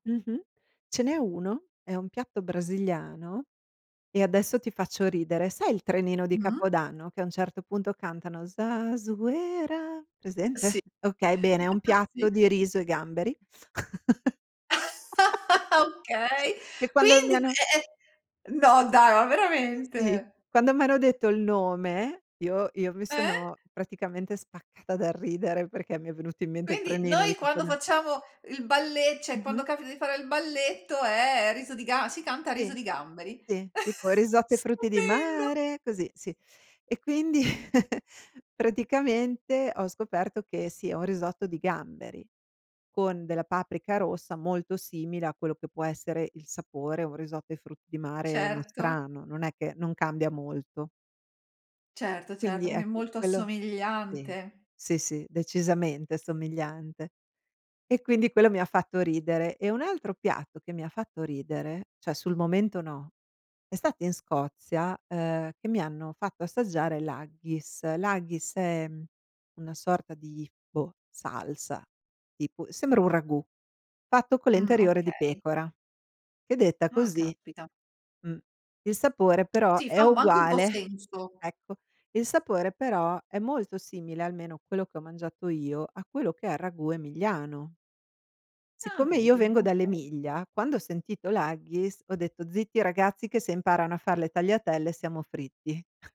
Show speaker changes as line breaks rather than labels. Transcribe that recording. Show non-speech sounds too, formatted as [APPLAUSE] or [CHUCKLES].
Mh-mh. Ce n'è uno, è un piatto brasiliano e adesso ti faccio ridere, sai il trenino di
Mh-mh.
Capodanno che a un certo punto cantano Zazuera,
Sì.
presente? Okay, bene, è un
[CHUCKLES]
piatto
Sì.
di riso e gamberi
[LAUGHS]
[CHUCKLES]
Okay.
che quando mi
Quindi,
hanno
è è no dai, ma
Sì.
veramente?
Quando m'hanno detto il nome io io mi
Eh?
sono praticamente spaccata dal ridere perché mi è venuto in mente il
Quindi,
trenino di
noi quando
Capoda
facciamo il balle cioè
Mh-mh.
quando capita di fare il balletto è riso di ga si canta riso
Sì.
di gamberi.
Sì. Tipo
[CHUCKLES]
risotto ai frutti di
Stupendo!
mare, così, sì. E quindi [CHUCKLES] praticamente ho scoperto che, sì, è un risotto di gamberi con della paprika rossa molto simile a quello che può essere il sapore, o un risotto ai frutti di mare
Certo.
nostrano, non è che non cambia molto.
Certo, certo.
Quindi,
Quindi è
ecco,
molto
quello sì.
assomigliante.
Sì, sì. Decisamente somigliante. E quindi quello mi ha fatto ridere. E un altro piatto che mi ha fatto ridere, cioè sul momento no, è stato in Scozia, ehm, che mi hanno fatto assaggiare l'haggis. L'haggis è una sorta di, boh, salsa tipo, sembra un ragù fatto con le
Mh.
interiora di
Okay.
pecora che detta
Ah,
così
capita.
mh. Il sapore però
Sì,
è
fa un bo anche un po'
uguale
senso.
ecco, il sapore però è molto simile, almeno quello che ho mangiato io, a quello che è il ragù emiliano.
Ah,
Siccome io
vedi.
vengo
Okay.
dall'Emilia, quando ho sentito l'haggis ho detto: "Zitti ragazzi che se imparano a far le tagliatelle siamo fritti."